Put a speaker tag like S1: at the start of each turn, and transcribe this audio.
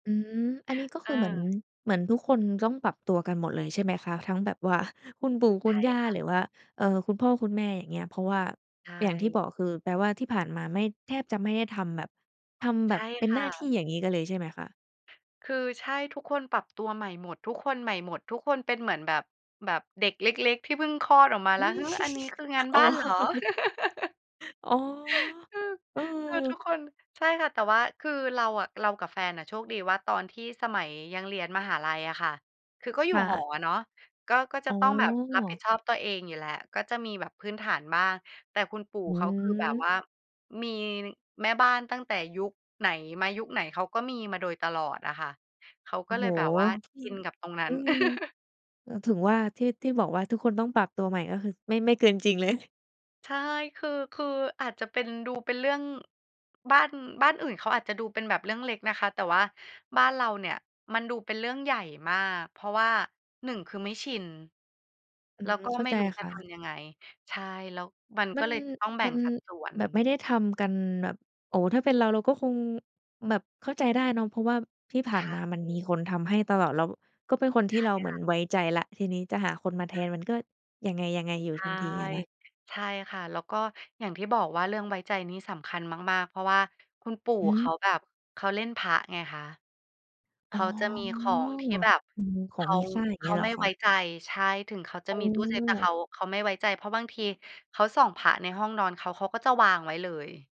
S1: อืม อันนี้ก็ค
S2: เ
S1: ือเหมือน
S2: ออ
S1: เหมือนทุกคนจะต้องปรับตัวกันหมดเลย ใช่ไหมคะ? ทั้งแบบว่าคุณปู่ค
S2: ใ
S1: ุ
S2: ช
S1: ณ
S2: ่
S1: ย่า
S2: ค่
S1: ห
S2: ะ
S1: รือว่า เอ่อ คุณพ่อคุณแม่อย่างเงี้ย เพราะว่า
S2: ใช
S1: อย่างที่บ
S2: ่
S1: อกคือ แปลว่าที่ผ่านมาไม่ แทบจะไม่ได้ทำแบบ ทำ
S2: ใ
S1: แบ
S2: ช
S1: บ
S2: ่
S1: เป็น
S2: ค
S1: ห
S2: ่
S1: น้าท
S2: ะ
S1: ี่ อย่างงี้กันเลย ใช่ไหมคะ?
S2: คือ ใช่ ทุกคนปรับตัวใหม่หมด ทุกคนใหม่หมด ทุกคนเป็นเหมือนแบบ แบบเด็กเล็ก ๆ ที่เพิ่งคลอดออกมา
S1: อ
S2: แล
S1: ื
S2: ้ว
S1: ม
S2: หือ อันนี้คืองาน
S1: อ
S2: บ
S1: ๋อ
S2: ้านเหรอ
S1: อ๋อ
S2: อือ
S1: เออ
S2: คือทุกคน ใช่ค่ะ แต่ว่าคือเราอะ เรากับแฟนน่ะโชคดีว่า ตอนที่สมัยยังเรียนมหาลัยอะค่ะ คือก็อยู
S1: ค
S2: ่
S1: ่
S2: หอ
S1: ะ
S2: อะเนาะ ก็ ก็จะ
S1: อ๋อ
S2: ต้องแบบรับผิดชอบตัวเองอยู่แล้ว ก็จะมีแบบพื้นฐานบ้าง แต่คุณปู่
S1: อ
S2: เขา คือแบบ
S1: ืม
S2: ว่ามีแม่บ้านตั้งแต่ยุคไหนมายุคไหน เขาก็มีมาโดยตลอดอะค่ะ เขา
S1: โอ
S2: ก็
S1: ้
S2: เล
S1: โฮ
S2: ยแบบว่า
S1: อื
S2: ช
S1: ม
S2: ินกับตรงนั้
S1: อ
S2: น
S1: ือ เอ่อ ถึงว่า ที่ ที่บอกว่าทุกคนต้องปรับตัวใหม่ ก็คือไม่ ไม่เกินจริง เลย
S2: ใช่ คือ คืออาจจะเป็น ดูเป็นเรื่อง บ้าน บ้านอื่น เขาอาจจะดูเป็นแบบเรื่องเล็กนะคะ แต่ว่าบ้านเราเนี่ย มันดูเป็นเรื่องใหญ่มาก เพราะว่า 1 คือไม่ชิน
S1: อื
S2: แล้ว
S1: ม
S2: ก็
S1: เข้า
S2: ไม่
S1: ใจ
S2: รู้จ
S1: ค
S2: ะ
S1: ่
S2: ท
S1: ะ
S2: ำยังไง ใช่ แล้วมัน
S1: ม
S2: ก
S1: ั
S2: ็
S1: น
S2: เลยจะต้องแบ่
S1: มั
S2: ง
S1: น
S2: สัดส่วน
S1: แบบ ไม่ได้ทำกันแบบ โอ้ ถ้าเป็นเรา เราก็คงแบบเข้าใจได้เนาะ เพราะว่าที่ผ
S2: ใช
S1: ่าน
S2: ่
S1: มา มันมีคนทำให้ตลอด แล้วก็เป็นคนท
S2: ใช
S1: ี่
S2: ่
S1: เราเหม
S2: ค
S1: ือ
S2: ่
S1: น
S2: ะ
S1: ไว้ใจแล้ว ทีนี้จะหาคนมาแท
S2: อา
S1: น มันก็ยังไง ๆ อยู
S2: ใ
S1: ่
S2: ช
S1: ท
S2: ่
S1: ันทีอะนะ
S2: ใช่ค่ะ แล้วก็อย่างที่บอกว่า เรื่องไว้ใจนี่สำคัญมาก ๆ เพราะว่าคุณปู่
S1: อื
S2: เขา
S1: ม
S2: แบบเขาเล่นพระไงคะ เข
S1: อ๋อ
S2: าจะมีของที่แบบ
S1: อืม ข
S2: เข
S1: อง
S2: า
S1: มีค่า อย่าง
S2: เข
S1: เงี้
S2: า
S1: ยเหร
S2: ไม
S1: อ
S2: ่
S1: ค
S2: ไว
S1: ะ?
S2: ้ใจ ใช่ ถึงเขาจะ
S1: อ้
S2: มีตู้เซฟ แต่เข
S1: อ
S2: า เขาไม่ไว้ใจ เพราะบางทีเขาส่องพระในห้องนอนเขา เขาก็จะวางไว้เลย